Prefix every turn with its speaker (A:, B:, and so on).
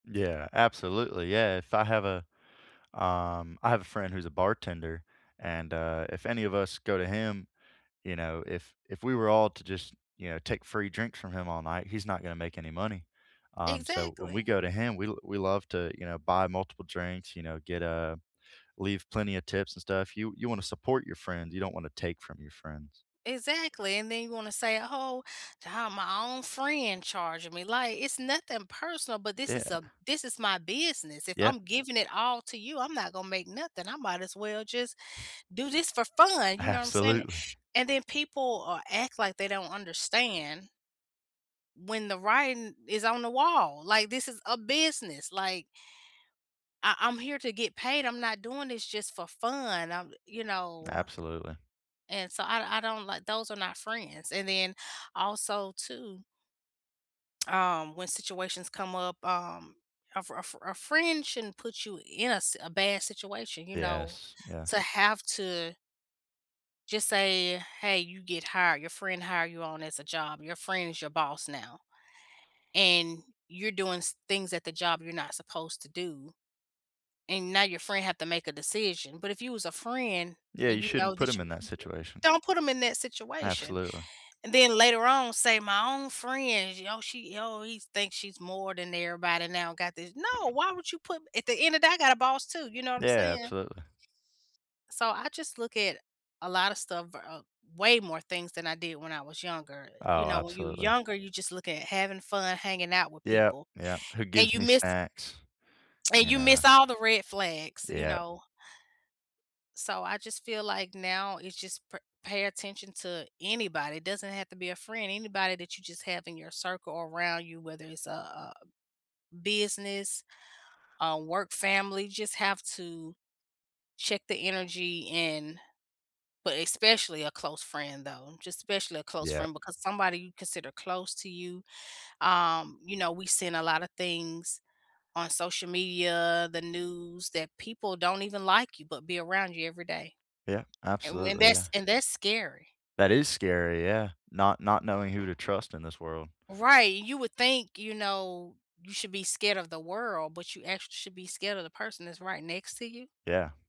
A: Yeah. Absolutely. Yeah. If I have a um, I have a friend who's a bartender, and, uh, if any of us go to him, you know, if if we were all to just, you know, take free drinks from him all night, he's not gonna make any money, um, so when we
B: Exactly.
A: go to him, we we love to, you know, buy multiple drinks, you know, get a leave plenty of tips and stuff. You you wanna support your friends; you don't wanna take from your friends.
B: Exactly, and then you wanna say, "Oh, to have my own friend charging me," like, it's nothing personal, but this is
A: Yeah.
B: a this is my business. If
A: Yep.
B: I'm giving it all to you, I'm not gonna make nothing. I might as well just do this for fun, you know what I'm saying?
A: Absolutely.
B: And then people, uh, act like they don't understand when the writing is on the wall. Like, this is a business. Like I I'm here to get paid. I'm not doing this just for fun. I you know?
A: Absolutely.
B: And so I I don't like, those are not friends, and then also too um, when situations come up, um, a fri a fri a fri friend shouldn't put you in a s a bad situation, you know,
A: Yes. Yes.
B: to have to just say, "Hey. You get hired. Your friend hire you on as a job. Your friend is your boss now," and you're doing s things at the job you're not supposed to do, and now your friend have to make a decision, but if you was a friend
A: Yeah.
B: and
A: You
B: you know
A: shouldn't put
B: that,
A: 'em
B: you
A: in that situation.
B: don't put them in that situation,
A: Absolutely.
B: and then later on, say, "My own friend, oh, she oh, he thinks she's more than everybody now, got this." No. Why would you put at the end of that, I got a boss too, you know what I'm
A: Yeah,
B: saying?
A: absolutely.
B: So, I just look at a lot of stuff, uh, way more things than I did when I was younger. You
A: Oh,
B: know, when you
A: absolutely.
B: younger, you just look at having fun, hanging out with
A: Yep.
B: people,
A: Yep. "Who
B: and
A: gives
B: you
A: me
B: miss
A: snacks,"
B: and
A: you
B: you
A: know.
B: miss all the red flags, you
A: Yep.
B: know? So, I just feel like now it's just pa pay attention to anybody. It doesn't have to be a friend. Anybody that you just have in your circle around you, whether it's a a business, a work family, just have to check the energy, and but especially a close friend, though. Just especially a close
A: Yep.
B: friend because somebody you consider close to you. Um, you know, we've seen a lotta things on social media, the news, that people don't even like you but be around you every day,
A: Yeah.
B: and when
A: Absolutely.
B: that's
A: Yeah.
B: and that's scary.
A: That is scary. Yeah. Not not knowing who to trust in this world.
B: Right. You would think, you know, you should be scared of the world, but you actually should be scared of the person that's right next to you.
A: Yeah.